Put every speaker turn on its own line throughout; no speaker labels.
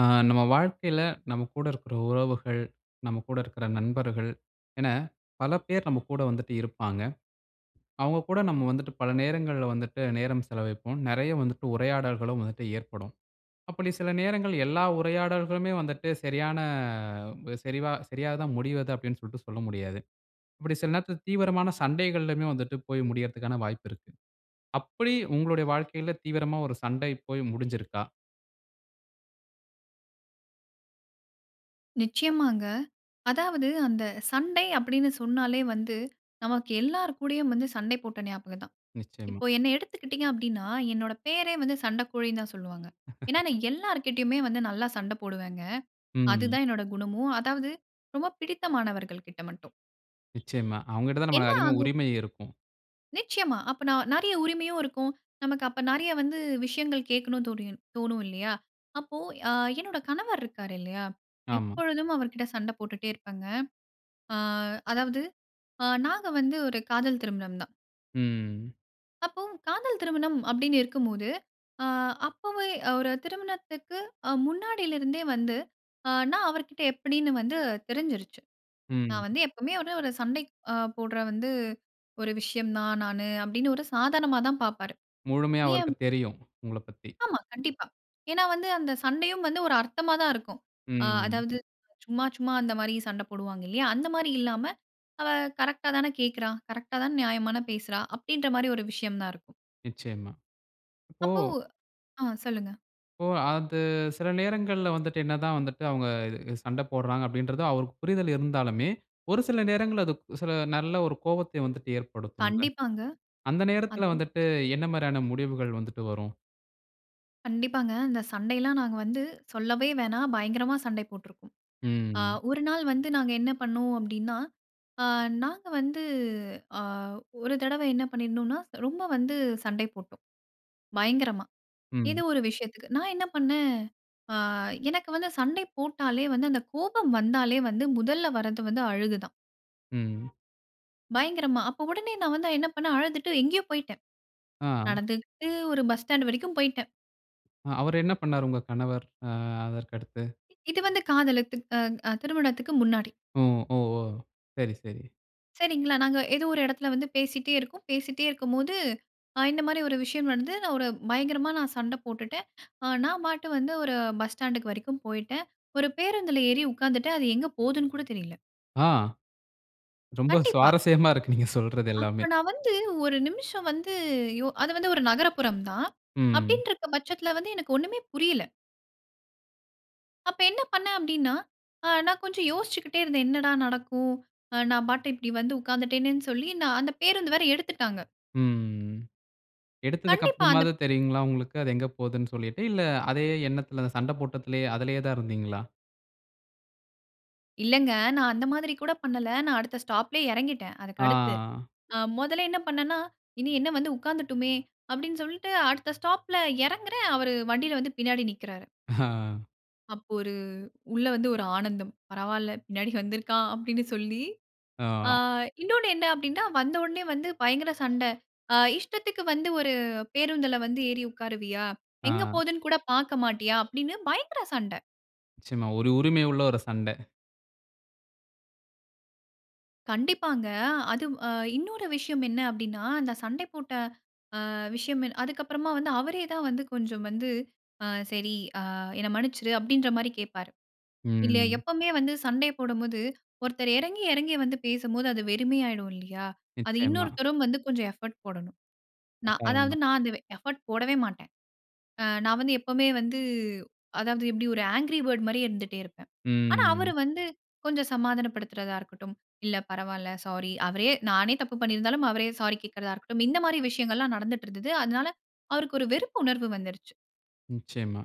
ஆ, நம்ம வாழ்க்கையில நம்ம கூட இருக்குற உறவுகள், நம்ம கூட இருக்குற நண்பர்கள் என பல பேர் நம்ம கூட வந்துட்டு இருப்பாங்க. அவங்க கூட நம்ம வந்துட்டு பல நேரங்கள்ல வந்துட்டு நேரம் செலவைப்போம். நெறைய வந்துட்டு உரையாடல்களும் வந்துட்டு ஏற்படும். அப்டி சில நேரங்கள் எல்லா உரையாடல்களுமே வந்துட்டு சரியான சரிவா சரியாதா முடிவது அப்டின்னு சொல்ட்டு சொல்ல முடியாது. அப்டி சில நேரத்தில தீவிரமான சண்டைகள்லுமே வந்துட்டு போய் முடியற்த்துக்கான வாய்ப்பு இருக்கு. அப்டி உங்களுடைய வாழ்க்கையில தீவிரமா ஒரு சண்டை போய் முடிஞ்சுருக்கா?
நிச்சயமாங்க. அதாவது அந்த சண்டை அப்டின்னு சொன்னாலே வந்து, நமக்கு எல்லோர் கூடயும் வந்து சண்டை போட்ட ஞாபகம் தான்.
நிச்சயமா.
இப்போ என்னை எடுத்துக்கிட்டீங்க அப்டின்னா, என்னோட பேரே வந்து சண்டக்கோழின்னு தான் சொல்வாங்க. ஏன்னா நான் எல்லார்கிட்டயுமே வந்து நல்லா சண்ட போடுவேங்க. அது
ம்.
தான் என்னோட குணமும். அதாவது ரொம்ப பிடித்த மாணவர்கள்க்கிட்ட மட்டும்.
நிச்சயமா, அவங்கிட்ட தான் நமக்கு
என்ன
அதிகமா
ஆகும்
உரிமை இருக்கும்.
நிச்சயமா. அப்ப ந நெறைய உரிமையும் இருக்கும். நமக்கு அப்ப நெறைய வந்து விஷயங்கள் கேட்கனும் தோணி தோணும் இல்லையா. அப்போ ஆ என்னோட கணவர் இருக்கறாருல்லையா,
ஆமா.
எப்பொழுதும் அவர்க்கிட்ட சண்ட போட்டுட்டே இருப்பேங்க. ஆ அதாவது ஆ நாங்க வந்து ஒரு காதல் திருமணம் தான்.
ம்.
அப்பவும் காதல் திருமணம் அப்பிடின்னு இருக்கும்போது, ஆ அப்பவே அ ஒரு திருமணத்துக்கு அ முன்னாடிலருந்தே வந்து அ நான் அவர்கிட்ட எப்பிடின்னு வந்து தெரிஞ்சிருச்சு.
ம்.
நான் வந்து எப்பவுமே ஒரு ஒரு சண்டைக் அ போட்ற வந்து ஒரு விஷயம் நான் நானு அப்பிடின்னு, ஒரு சாதாரணமா தான் பார்ப்பாரு.
முழுமையா
ஏன்
அவருக்கு தெரியும். உங்களப் பத்தி.
ஆமா கண்டிப்பா. ஏன்னா, வந்து அந்த சண்டையும் வந்து ஒரு அர்த்தமா தான் இருக்கும். ஆ
ம்.
அதாவது சும்மா சும்மா அந்தமாரி சண்ட போடுவாங்க இல்லயா? அந்தமாரி இல்லாம, அவ கரெக்ட்‌டாதானே கேக்குறா? கரெக்ட்‌டா தான நியாயமான பேசுறா? அப்டின்றமாரி ஒரு விஷயம் தான் இருக்கும்.
நிச்சயமா.
அப்போ
ஓ!
ஆ சொல்லுங்க!
ஓ! அது சில நேரங்கள்ல வந்துட்டு, என்னதான் வந்துட்டு அவுங்க இது சண்ட போட்றாங்க, அப்டின்றது அவருக்கு புரிதல் இருந்தாலுமே, ஒரு சில நேரங்கள்ல அது சில நல்ல ஒரு கோவத்தை வந்துட்டு ஏற்படுத்தும்ல!
கண்டிப்பாங்க.
அந்த நேரத்துல
அது
வந்துட்டு என்னமாரியான முடிவுகள் வந்துட்டு வரும்?
கண்டிப்பாங்க. அந்த சண்டையெல்லாம் நாங்க வந்து சொல்லவே வேணாம். பயங்கரமா சண்டை போட்ருக்கோம். அ
ம்.
ஒரு நாள் வந்து நாங்க என்ன பண்ணுனோம் அப்டின்னா, அ நாங்க வந்து, அ ஒரு தடவை என்ன பண்ணிருந்தோன்னா, ரொம்ப வந்து சண்டை போட்டோம். பயங்கரமா. ஏதோ
ம்.
ஒரு விஷயத்துக்கு. நான் என்ன பண்ணேன் ஆ எனக்கு வந்து சண்டை போட்டாலே, வந்து அந்த கோபம் வந்தாலே வந்து முதல்ல வரது வந்து அழுக தான்.
ம்.
பயங்கரமா அப்போ உடனே நான் வந்து என்ன பண்ணனேன், அழுதுட்டு எங்கேயோ போயிட்டேன்.
ஆ.
நடந்துகிட்டு ஒரு பஸ் ஸ்டாண்ட் வரைக்கும் போயிட்டேன்.
ஆ அவர் என்ன பண்ணாரு? உங்க கணவர் ஆ அதற்கு அடுத்து.
இது வந்து காதலித்து அ அ திருமணத்துக்கு முன்னாடி.
ம், ஓ, ஓ! சரி, சரி.
சரிங்களா, நாங்க ஏதோ ஒரு இடத்துல வந்து பேசிட்டே இருக்கோம். பேசிட்டே இருக்கும்போது அ இந்த மாதிரி ஒரு விஷயம் வந்து நான் ஒரு பயங்கரமா நான் சண்டை போட்டுட்டேன். அ நான் பாட்டு வந்து ஒரு பஸ் ஸ்டாண்ட்‌க்கு வரைக்கும் போயிட்டேன். ஒரு பேருந்துல ஏறி உட்கார்ந்துட்டேன், அது எங்கே போதுனு கூட தெரியல.
ஆ. ரொம்ப
கண்டிப்பா.
சுவாரசியமா இருக்கு, நீங்க சொல்றது எல்லாமே!
அப்ப நான் வந்து 1 நிமிசம் வந்து யோ அது வந்து ஒரு நகரப்புறம் தான்.
ம்.
அப்டீன்ருக்க பட்சத்துல வந்து எனக்கு ஒண்ணுமே புரியல. அப்ப என்ன பண்னே அப்டீன்னா, ஆ நான் கொஞ்சம் யோசிச்சிக்கிட்டே இருந்தேன் என்னடா நடக்கும்? ஆ நான் பாட்டு இப்படி வந்து உட்கார்ந்துட்டேனேன்னு சொல்லி நான் அந்த பேருந்து வேற எடுத்துட்டாங்க.
ம்.
கண்டிப்பா.
எடுத்ததுக்கப்புறமாவது
அந்தப்
தெரியுங்களா? உங்களுக்கு அது எங்க போதுனு சொல்லிட்டு இல்ல, அதே எண்ணத்துல அந்த சண்டை போட்டத்துலேயே, அதுலேயே தான் இருந்தீங்களா?
இல்லங்க, நான் அந்த மாதிரி கூட பண்ணல்ல. நான் அடுத்த ஸ்டாப்‌லேயே இறங்கிட்டேன். அதுக்கு அடுத்து.
ஆ.
ஆ 1ல என்ன பண்னேன்னா, இனி என்ன வந்து உட்காந்துட்டோமே அப்டீன்னு, சொல்லிட்டு அடுத்த ஸ்டாப்‌ல இறங்குறேன். அவர் வண்டியில வந்து பின்னாடி நிக்குறாரு.
ஆ.
அப்ப ஒரு உள்ள வந்து ஒரு ஆனந்தம். பரவால்ல. பின்னாடி வந்து இருக்கான் அப்படினு சொல்லி, ஆ
ஆ.
இன்னொன்னு என்ன அப்டின்டா, வந்தோனயே வந்து பயங்கர சண்ட. ஆ இஷ்டத்துக்கு வந்து ஒரு பேருந்தில வந்து ஏறி உட்காருவியா? எங்க
ஆ.
போதுன்னுகூட பார்க்க மாட்டியா? அப்டின்னு பயங்கர சண்ட.
நிச்சயமா. ஒரு உரிமை உள்ள ஒரு சண்ட.
கண்டிப்பாங்க. அது அ இன்னொரு விஷயம் என்ன அப்டின்னா, அந்த சண்டை போட்ட அ விஷயம் என்ன அதுக்கு அப்பறமா வந்து அவரே தான் வந்து கொஞ்சம் வந்து ஆ சரி ஆ என்ன மன்னிச்சிரு அப்டின்றமாரி கேப்பாரு. இல்ல
ம்.
எப்பமே வந்து சண்டை போடும்போது, ஒருத்தர் இறங்கி இறங்கி வந்து பேசும்போது அது வெறுமையாயிடும் இல்லயா! அது
நிச்சயமா.
இன்னொருத்தரும் வந்து கொஞ்சம் எஃபர்ட் போடணும். நான் அதாவது
கட்டாயமா.
நான் அந்த வே எஃபர்ட் போடவே மாட்டேன். ஆ நான் வந்து எப்பமே வந்து அதாவது எப்படி ஒரு ஆங்க்ரி பேர்ட் மாரியே இருந்துட்டே இருப்பேன். ஆனா,
ம்.
அவரு வந்து கொஞ்சம் சமாதானப்படுத்துறதா இருக்கட்டும், இல்ல பரவால, சாரி. அவரே நானே தப்பு பண்ணி இருந்தாலும் அவரே சாரி கேட்கிறதா இருக்கட்டும், இந்த மாரி விஷயங்கள்லாம் நடந்துட்டுருந்தது. அதனால அவருக்கு ஒரு வெறுப்பு உணர்வு வந்துருச்சு.
நிச்சயமா.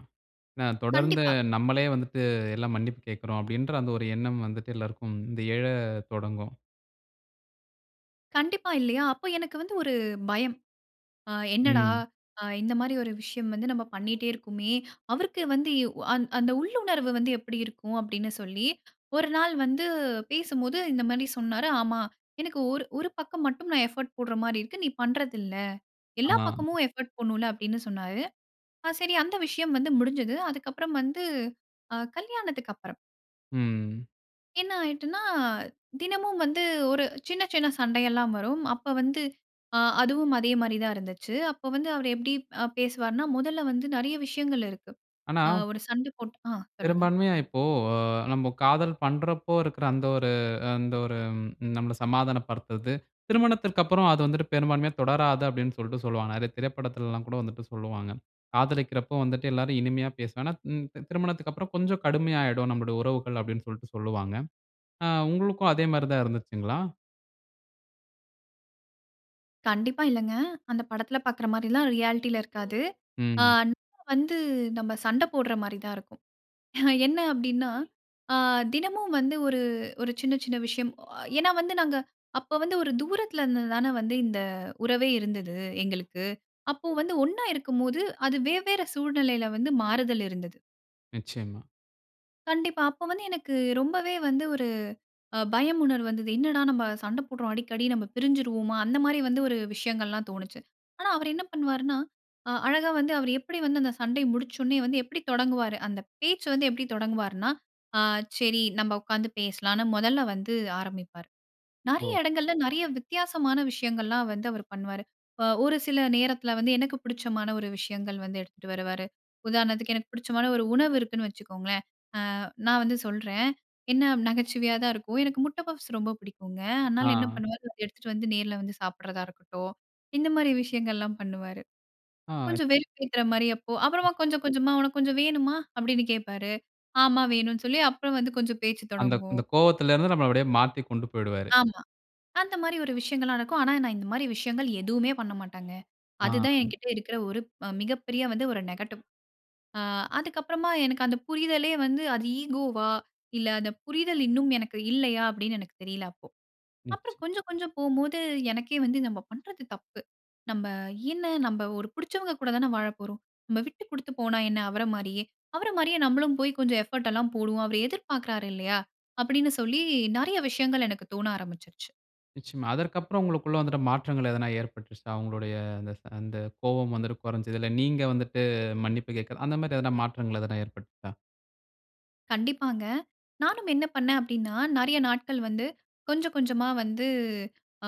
நான் தொடர்ந்து
கண்டிப்பா.
நம்மலே வந்துட்டு எல்லாம் மன்னிப்பு கேட்குறோம், அப்படின்ற அந்த ஒரு எண்ணம் வந்துட்டு எல்லாருக்கும் இந்த ஏழ தொடங்கும்.
கண்டிப்பா. இல்லையா? அப்ப எனக்கு வந்து ஒரு பயம். ஆ என்னடா?
ம்.
அ இந்த மாரி ஒரு விஷயம் வந்து நம்ம பண்ணிட்டே இருக்கோமே. அவருக்கு வந்து யு அன் அந்த உள்ளுணர்வு வந்து எப்பிடி இருக்கும்? அப்டீன்னு சொல்லி ஒரு நாள் வந்து பேசும்போது, இந்த மாரி சொன்னாரு. "ஆமா. எனக்கு ஒரு ஒரு பக்கம் மட்டும் நான் எஃபோர்ட் போடுற மாரி இருக்கு. நீ பண்றதில்ல. எல்லா
ஆமா.
பக்கமும் எஃபோர்ட் போடணும்ல" அப்டீன்னு சொன்னாரு. ஆ சரி அந்த விஷயம் வந்து முடிஞ்சது. அதுக்கப்பறம் வந்து, ஆ கல்யாணத்துக்கப்பறம்.
ம்.
என்ன ஆயிட்டுன்னா, தினமும் வந்து ஒரு சின்ன சின்ன சண்டை எல்லாம் வரும். அப்போ வந்து, ஆ அதுவும் அதே மாரி தான் இருந்துச்சு. அப்போ வந்து அவர் எப்படி அ பேசுவார்னா, முதல்ல வந்து நெறைய விஷயங்கள் இருக்கு.
ஆனா
ஆ ஒரு சண்ட போட்டு ஆ. சொல்லுங்க.
பெரும்பான்மையா இப்போ, அ நம்ம காதல் பண்றப்போ இருக்குற அந்த ஒரு அந்த ஒரு ம் நம்மள சமாதானம் படுத்துறது, திருமணத்திற்கப்பறம் அது வந்துட்டு பெரும்பான்மையா தொடராது அப்டீன்னு சொல்ட்டு சொல்லுவாங்க. நெறைய திரைப்படத்துலல்லாம் கூட வந்துட்டு சொல்லுவாங்க. காதலிக்கிறப்ப வந்துட்டு எல்லாரும் இனிமையா பேசுனானா, ம் திருமணத்துக்கப்பறம் கொஞ்சம் கடுமையாயிடும் நம்முடைய உறவுகள், அப்டீன்னு சொல்ட்டு சொல்லுவாங்க. ஆ, உங்களுக்கும் அதே மாரி தான் இருந்ததுச்சுங்களா?
கண்டிப்பா இல்லங்க. அந்த படத்துல பார்க்குற மாரிலாம் ரியாலிட்டில இருக்காது.
ம்.
ஆன் வந்து நம்ம சண்டை போடுற மாரி தான் இருக்கும். என்ன அப்டீன்னா, ஆ தினமும் வந்து ஒரு ஒரு சின்ன சின்ன விஷயம். ஏன்னா வந்து நாங்க அப்ப வந்து ஒரு தூரத்துல இருந்து தான வந்து, இந்த உறவே இருந்தது எங்களுக்கு. அப்போ வந்து ஒண்ணா இருக்கும்போது, அது வெவ்வேற சூழ்நிலைல வந்து மாறுதல் இருந்தது.
நிச்சயமா.
கண்டிப்பா. அப்போ வந்து எனக்கு ரொம்பவே வந்து ஒரு பயம் உணர்வு வந்தது. என்னடா நம்ம சண்ட போடுறோம், அடிக்கடி. நம்ம பிரிஞ்சிருவோமா? அந்த மாரி வந்து ஒரு விஷயங்கள்லாம் தோணுச்சு. ஆனா, அவரு என்ன பண்ணுவாருன்னா? அ அழகா வந்து அவரு எப்பிடி வந்து, அந்த சண்டை முடிச்சோனே வந்து எப்பிடி தொடங்குவாரு? அந்த பேச்சு வந்து எப்பிடி தொடங்குவார்னா, அ சரி. நம்ம உட்காந்து பேசலாம்ன்னு, முதல்ல வந்து ஆரம்பிப்பாரு. நெறைய
ஓ.
இடங்கள்ல நெறைய வித்தியாசமான விஷயங்கள்லாம் வந்து அவரு பண்ணுவாரு. அ ஒரு சில நேரத்துல வந்து, எனக்கு புடிச்சமான ஒரு விஷயங்கள் வந்து எடுத்துட்டு வருவாரு. உதாரணத்துக்கு எனக்கு புடிச்சமான ஒரு உணவு இருக்குன்னு வச்சுக்கோங்க. அ நான் வந்து சொல்றேன். என்ன அ நகைச்சுவையா தான் இருக்கும். எனக்கு முட்ட பப்ஸ் ரொம்ப பிடிக்குங்க. அதனால என்ன
ஆ.
பண்ணுவாரு? எடுத்துட்டு வந்து நேர்ல வந்து சாப்பிடுறதா இருக்கட்டும். இந்த மாரி விஷயங்கள்லாம் பண்ணுவாரு.
ஆ.
கொஞ்சம் வெறுப்பேத்துற மாரி, அப்போ அப்புறமா கொஞ்சம் கொஞ்சமா "உனக்கு கொஞ்சம் வேணுமா?" அப்பிடீன்னு கேப்பாரு. "ஆமா, வேணும்னு" சொல்லி, அப்புறம் வந்து கொஞ்சம் பேச்சு
அந்த
தொடங்கும்.
அந்த கோபத்துலருந்து நம்மள அப்படியே மாத்திக் கொண்டு போய்டுவாரு.
ஆமா. அந்த மாரி ஒரு விஷயங்கள்லா நடக்கும். ஆனா, நான் இந்த மாரி விஷயங்கள் எதுவுமே பண்ணமாட்டேன்ங்க. அது தான்
[unintelligible]
எங்கிட்ட இருக்குற ஒரு மிக பெரிய வந்து ஒரு நெகட்டிவ். ஆ அதுக்கப்புறமா எனக்கு அந்த புரிதலே வந்து, அது ஈகோவா இல்ல அந்த புரிதல் இன்னும் எனக்கு இல்லையா. அப்பிடீன்னு எனக்கு தெரியல, அப்போ.
நிச்ச
அப்புறம் கொஞ்சம் கொஞ்சம் போகும்போது, எனக்கே வந்து நம்ம பண்றது தப்பு. நம்ம என்ன நம்ம ஒரு புடுச்சவங்க கூட தான வாழப் போறோம். நம்ம விட்டு குடுத்து போனா என்ன? அவர மாரியே. அவர மாரியே நம்பளும் போய் கொஞ்சம் எஃபோர்ட் எல்லாம் போடுவோம். அவரு எதிர் பார்க்கிறாரு. இல்லையா. அப்பிடீன்னு சொல்லி, நிறைய விஷயங்கள் எனக்கு தோன ஆரம்பிச்சிருச்சு.
நிச்சயமா. அதற்கப்புறம் உங்களுக்குள்ள வந்துட்டு மாற்றங்கள் எதுனா ஏற்பட்டுச்சா? அவுங்களுடைய அந்த ச அந்த கோபம் வந்துட்டு குறஞ்சதில்ல. நீங்க வந்துட்டு மன்னிப்பு கேட்கிறது, அந்தமாரி எதுனா மாற்றங்கள் எதுனா ஏற்பட்டுச்சா?
கண்டிப்பாங்க. நானும் என்ன பண்னே அப்பிடின்னா, நிறைய நாட்கள் வந்து கொஞ்சம், கொஞ்சமா வந்து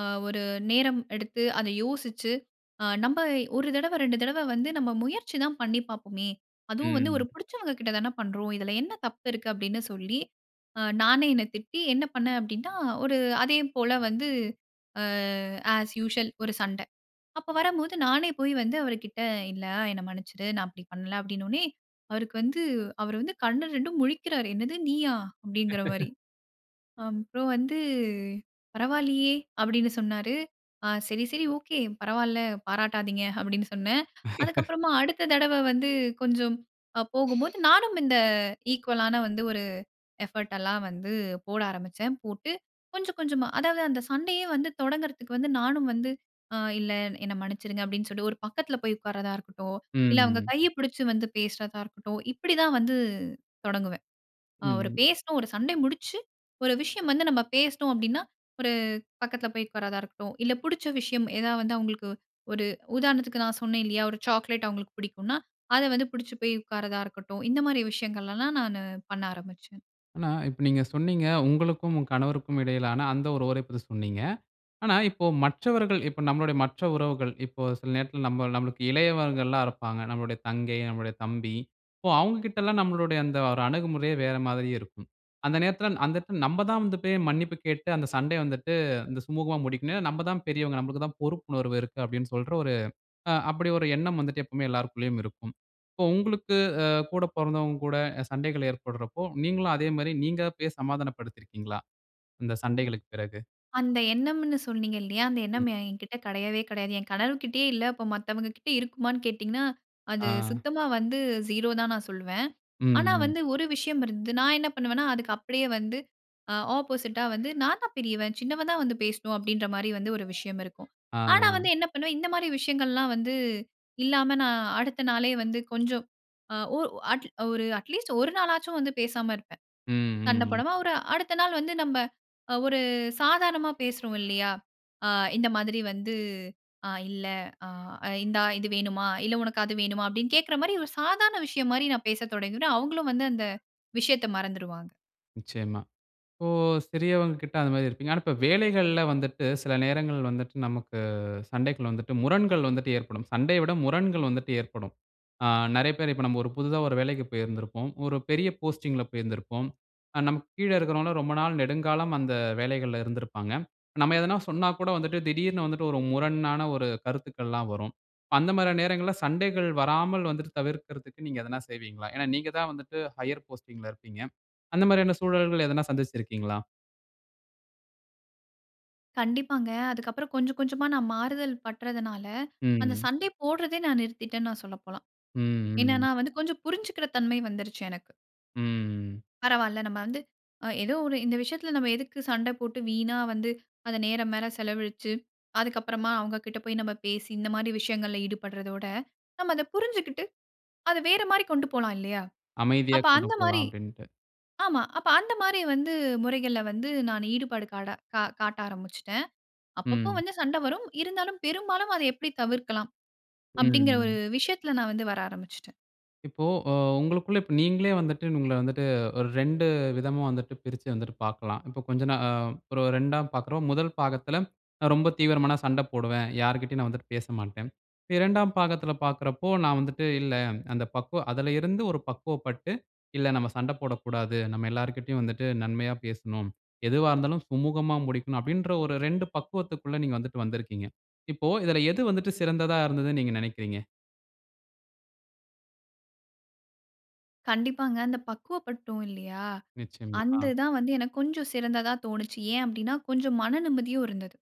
ஆ ஒரு நேரம் எடுத்து அத யோசிச்சு, ஆ நம்ப 1 தடவ 2 தடவ வந்து நம்ம முயற்சி தான் பண்ணி பாப்போமே! அதுவும் வந்து ஒரு
ம்.
பிடிச்சவங்கக்கிட்டதான பண்றோம். இதில என்ன தப்பு இருக்கு? அப்பிடின்னு சொல்லி, ஆ நானே என்ன திட்டி, என்ன பண்ணேன் அப்பிடின்னா, ஒரு அதே போல வந்து ஆ ஆஸ் யூசுவல் ஒரு சண்ட. அப்ப வரம்போது, நானே போய் வந்து அவருக்கிட்ட இல்ல என்ன மன்னிச்சிடு. நான் அப்பிடி பண்ல, அப்பிடின்னவுனே, அவருக்கு வந்து அவரு வந்து கண்ணு 2ம் முழிக்கிறாரு. என்னது நீயா! அப்பிடிங்கிறமாரி. அப்புறம் வந்து பரவால்லையே! அப்பிடின்னு சொன்னாரு. ஆ சரி, சரி, ஓகே. பரவால்ல. பாராட்டாதீங்க அப்பிடின்னு சொன்னேன். அதுக்கப்பறமா, அடுத்த தடவ வந்து கொஞ்சம் போகும்போது நானும் இந்த ஈக்குவலான வந்து ஒரு எஃபர்ட் எல்லாம் வந்து போட ஆரம்பிச்சேன். போட்டு கொஞ்சம், கொஞ்சமா அதாவது அந்த சண்டையே வந்து தொடங்குறதுக்கு வந்து நானும் வந்து அ இல்ல என்ன மன்னிச்சிடுங்க அப்பிடின்னு சொல்லி ஒரு பக்கத்தில போய் உட்கார்றதா இருக்கட்டும்,
ம்,
இல்ல அவுங்க
ம்.
கைய பிடிச்சு வந்து பேசுறதா இருக்கட்டும், இப்பிடிதான் வந்து, தொடங்குவேன். அ அவரு
ம்.
பேசணும் ஒரு சண்டை முடிச்சு, ஒரு விஷயம் வந்து நம்ம பேசினோம் அப்பிடின்னா, ஒரு பக்கதுல போய் உக்காரதா இருக்கட்டும், இல்ல புடுச்ச விஷயம் ஏதா வந்து அவுங்களுக்கு ஒரு உதாரணத்துக்கு நான் சொன்னேன் இல்லயா! ஒரு சாக்லேட் அவுங்களுக்கு பிடிக்குன்னா, அத வந்து புடுச்சு போய் உட்கார்றதா இருக்கட்டும். இந்தமாரி விஷயங்கள் எல்லாம் நானு பண்ண ஆரம்பிச்சேன்.
ஆனா, இப்ப நீங்க சொன்னீங்க உங்களுக்கும் உங்க கணவருக்கும் இடையிலான அந்த [unintelligible] சொன்னீங்க. ஆனா இப்போ மற்றவர்கள் இப்ப நம்முளுடைய மற்ற உறவுகள் இப்போ சில நேரத்தில நம்ம நமக்கு இளையவர்கள்லாம் இருப்பாங்க. நம்முடைய தங்கை, நம்முடைய தம்பி இப்போ அவங்ககிட்டலாம் நம்முளுடைய அந்த ஒரு அணுகுமுறையே வேற மாதிரி இருக்கும். அந்த நேரத்துல அந்த நேத்துல நம்ப தான் வந்து போய் மன்னிப்பு கேட்டு அந்த சண்டை வந்துட்டு இந்த சுமூகமா முடிக்கனும். நம்ப தான் பெரியவங்க. நமளுக்கு தான் பொறுப்புணர்வு இருக்கு. அப்பிடின்னு சொல்ற 1 அ அப்பிடி 1 எண்ணம் வந்துட்டு எப்பமே எல்லாருக்குள்ளேயும் இருக்கும். இப்போ உங்களுக்கு அ கூட பொறந்தவங்க கூட சண்டைகள் ஏற்படுறப்போ, நீங்களும் அதேமாரி நீங்க போய் சமாதானப்படுத்திருக்கிறீர்களா? இந்த சண்டைகளுக்குப் பிறகு.
அந்த எண்ணம்னு சொன்னீங்க இல்லயா? அந்த எண்ணம்
ம்.
என்கிட்ட கெடையவே கெடையாது. என் கணவர்கிட்டயே இல்ல. அப்ப மத்தவங்ககிட்ட இருக்குமான்னு கேட்டிங்கன்னா? அது
ஆ.
சுத்தமா வந்து ஜூரோ தான் நான் சொல்லுவேன். ஆனா
ம், ம்.
வந்து 1 விஷயம் இருந்தது. நான் என்ன பண்ணுவேன்னா, அதுக்கு அப்பிடியே வந்து ஆ ஆப்போசிட்டா வந்து. நான் தான் பெரியவன், சின்னவ தான் வந்து பேசணும் அப்பிடின்ற மாரி வந்து 1 விஷயம் இருக்கும்.
ஆ,
ஆனா வந்து
ஆ.
என்ன பண்ணுவேன். இந்த மாரி விஷயங்கள்லாம் வந்து இல்லாம நான் அடுத்த நாளே வந்து கொஞ்சம். ஆ ஓ அட் 1 அட்லீஸ்ட் 1 நாளாச்சும் வந்து பேசாம இருப்பேன், சண்ட
ம்ஹும்.
போடமா. 1 அடுத்த நாள் வந்து நம்ப அ 1 சாதாரணமா பேசுறோம் இல்லயா. ஆ இந்த மாதிரி வந்து ஆ இல்ல ஆ இந்தா இது வேணுமா? இல்ல உனக்கு அது வேணுமா அப்பிடின்னு கேட்குற மாரி 1 சாதாரண விஷயம் மாரி நான் பேசத் தொடங்கிடுவேன். அவுங்களும் வந்து அந்த விஷயத்த மறந்துருவாங்க.
நிச்சயமா. இப்போ சிறியவங்ககிட்ட அந்த மாரி இருப்பீங்க. ஆனா, இப்ப வேலைகள்ல வந்துட்டு, சில நேரங்கள் வந்துட்டு நமக்கு சண்டைக்குள்ள வந்துட்டு முரண்கள் வந்துட்டு ஏற்படும். சண்டைய விட முரண்கள் வந்துட்டு ஏற்படும். அ நிறைய பேரு இப்ப நம்ம 1 புதுசா 1 வேலைக்கு போயிருந்திருப்போம். 1 பெரிய போஸ்டிங் ல போயிருந்திருப்போம். அ நமக்கு கீழ இருக்கிறவங்கலாம் ரொம்ப நாள் நெடுங்காலம் அந்த வேலைகள்ல இருந்திருப்பாங்க. நம்ம எதுனா சொன்னா கூட வந்துட்டு, திடீர்னு வந்துட்டு 1 முரணான 1 கருத்துக்கல்லாம் வரும். அந்த மாரியான நேரங்கள்ல சண்டைகள் வராமல் வந்துட்டு தவிர்க்கறதுக்கு நீங்க எதுனா செய்வீங்களா? ஏன்னா நீங்கதான் வந்துட்டு ஹையர் போஸ்டிங் ல இருக்கீங்க. அந்த மாரியான சூழல்கள் எதுனா சந்திச்சிருக்கீங்களா?
கண்டிப்பாங்க. அதுக்கப்புறம் கொஞ்சம் கொஞ்சமா நான் மாறுதல் பற்றதுனால, அந்த
ம்.
சண்ட போடுறதே நான் நிறுத்திட்டேன்னு சொல்ல போலாம்.
ம்,
என்னன்னா
ம்.
வந்து கொஞ்சம் புரிஞ்சுக்கிற தன்மை வந்துருச்சு எனக்கு.
ம்.
பரவால்ல நம்ம வந்து, அ ஏதோ 1 இந்த விஷயத்துல நம்ம எதுக்கு சண்ட போட்டு, வீணா வந்து, அந்த நேர மேல செலவழிச்சு, அதுக்கப்புறமா அவங்க கிட்ட போய் நம்ம பேசி, இந்த மாரி விஷயங்கள்ல ஈடுபடுறதோட, நம்ம அதப் புரிஞ்சுகிட்டு, அத வேற மாரி கொண்டு போலாம் இல்லயா?
அமைதியா
அப்ப
கொண்டு
அந்த
போலாம்
மாரி,
அப்பிடின்ட்டு.
ஆமா. அப்ப அந்தமாரி வந்து முறைகள்ல வந்து நான் ஈடுபாடு காட கா காட்ட ஆரம்பிச்சுட்டேன். அப்பப்ப
ம்.
வந்து சண்ட வரும், இருந்தாலும் பெரும்பாலும் அத எப்பிடி தவிர்க்கலாம்.
ம்,
அப்பிடிங்கற 1
ம்.
விஷயத்துல நான் வந்து வர ஆரம்பிச்சுட்டேன்.
இப்போ அ உங்களுக்குள்ள நீங்களே வந்துட்டு உங்கள வந்துட்டு ஒரு 2 விதமா வந்துட்டு பிரிச்சு வந்துட்டு பார்க்கலாம். இப்ப கொஞ்சம் நா ஒரு 2 பார்க்குறோம். முதல் பாகத்துல ரொம்ப தீவிரமான சண்ட போடுவேன். யாருக்கிட்டயும் நான் வந்துட்டு பேசமாட்டேன். 2 பாகத்துல பார்க்குறப்போ, நான் வந்துட்டு இல்ல அந்த பக்குவம் அதுல இருந்து ஒரு பக்குவப்பட்டு, இல்ல நம்ப சண்ட போடக்கூடாது. நம்ப எல்லாருக்கிட்டயும் வந்துட்டு நன்மையா பேசணும். எதுவா இருந்தாலும் சுமூகமா முடிக்கணும் அப்பிடின்ற ஒரு 2 பக்குவத்துகுள்ள நீங்க வந்துட்டு வந்திருக்கீங்க. இப்போ இதுல எது வந்துட்டு சிறந்ததா இருந்ததுனு நீங்க நினைக்கிறீங்க?
கண்டிப்பாங்க. அந்த பக்குவப்பட்டோம் இல்லயா!
நிச்சயமா.
அந்து
ஆ
தான் வந்து எனக்கு கொஞ்சம் சிறந்ததா தோணுச்சு. ஏன் அப்பிடின்னா, கொஞ்சம் மன நிம்மதியும் இருந்தது.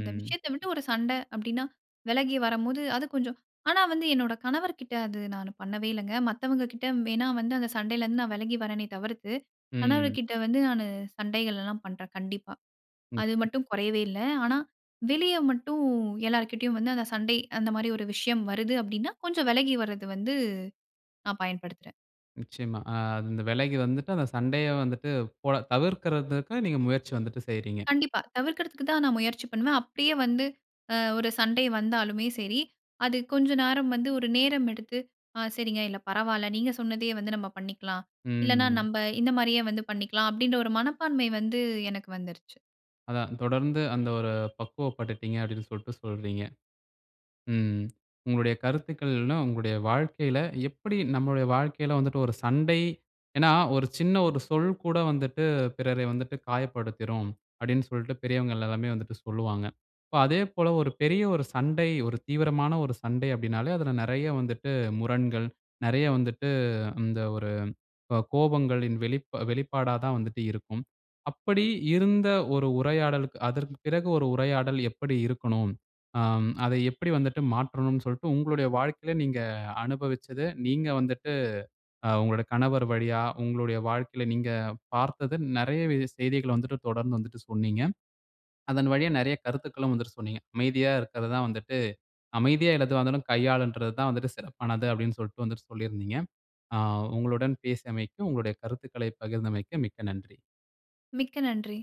இந்த விஷயத்த விட்டு ஒரு சண்ட அப்பிடின்னா, விலகி வரம்போது அது கொஞ்சம் ஆனா, வந்து என்னோட கணவர்கிட்ட அது நான் பண்ணவே இல்லேங்க. மத்தவங்கக்கிட்ட வேணா வந்து அந்த சண்டையிலேருந்து நான் விலகி வரேனே! தவிர்த்து
ம்.
கணவர்கிட்ட வந்து நானு சண்டைகள்லாம் பண்றேன், கண்டிப்பா. அது
[unintelligible]
மட்டும் குறையவே இல்ல. ஆனா, வெளிய மட்டும் எல்லார்கிட்டேயும் வந்து அந்த சண்டை, அந்தமாரி ஒரு விஷயம் வருது அப்பிடின்னா கொஞ்சம் விலகி வரது வந்து நான் பயன்படுத்துறேன்.
நிச்சயமா. அ இந்த விலகி வந்துட்டு, அந்த சண்டைய வந்துட்டு போட தவிர்குறதுக்கு, நீங்க முயற்சி வந்துட்டு செய்றீங்க.
கண்டிப்பா, தவிர்க்குறதுக்கு தான் நான் முயற்சி பண்ணுவேன். அப்டியே வந்து அ ஒரு சண்டை வந்தாலுமே சரி, அது கொஞ்சம் நேரம் வந்து ஒரு நேரம் எடுத்து "ஆ சரிங்க இல்லை, பரவாயில்ல, நீங்க சொன்னதையே வந்து நம்ம பண்ணிக்கலாம். இல்லன்னா
ம்.
நம்ம இந்த மாரியே வந்து பண்ணிக்கலாம்" அப்டின்ற ஒரு மனப்பான்மை வந்து எனக்கு வந்துருச்சு.
அதான் தொடர்ந்து அந்த ஒரு பக்குவப்பட்டுடீங்க அப்டின்னு சொல்லிட்டு சொல்றீங்க. ம், உங்களுடைய கருத்துக்கள்லா உங்களுடைய வாழ்க்கையில எப்படி நம்மளுடைய வாழ்க்கையில வந்துட்டு ஒரு சண்டை, ஏன்னா "ஒரு சின்ன ஒரு சொல் கூட வந்துட்டு பிறரை வந்துட்டு காயப்படுத்திரும்" அப்படின்னு சொல்லிட்டு பெரியவங்க எல்லாருமே வந்துட்டு சொல்லுவாங்க. இப்போ அதேபோல ஒரு பெரிய ஒரு சண்டை, ஒரு தீவிரமான ஒரு சண்டை அப்டினாலே அதுல நிறைய வந்துட்டு முரண்கள், நிறைய வந்துட்டு இந்த ஒரு அ கோபங்களின் வெளிப்பா-வெளிப்பாடா தான் வந்துட்டு இருக்கும். அப்படி இருந்த ஒரு உரையாடளுக்கு, அதற்கு பிறகு ஒரு உரையாடல் எப்படி இருக்கனும்? அ, அதை எப்படி வந்துட்டு மாற்றனும்ன்னு சொல்லிட்டு உங்களுடைய வாழ்க்கையில நீங்க அனுபவிச்சது, நீங்க வந்துட்டு அ உங்களுடைய கணவர் வழியா, உங்களுடைய வாழ்க்கையில நீங்க பார்த்தது. நிறையவே செய்திகள வந்து விட்டு தொடர்ந்து வந்து விட்டு சொன்னீங்க. அதன் வழியா நிறைய கருத்துக்களும் வந்துட்டு சொன்னீங்க. அமைதியா இருக்குறது தான் வந்துட்டு, "அமைதியா எதுவாக இருந்தாலும் வந்துட்டு கையாளனுன்றது தான் சிறப்பானது!” அப்டின்னு சொல்லிட்டு வந்துட்டு, சொல்லியிருந்தீங்க ஆ, உங்களுடன் பேசியமைக்கு, உங்களுடைய கருத்துக்களை பகிர்ந்தமைக்கு மிக்க நன்றி.
மிக்க நன்றி.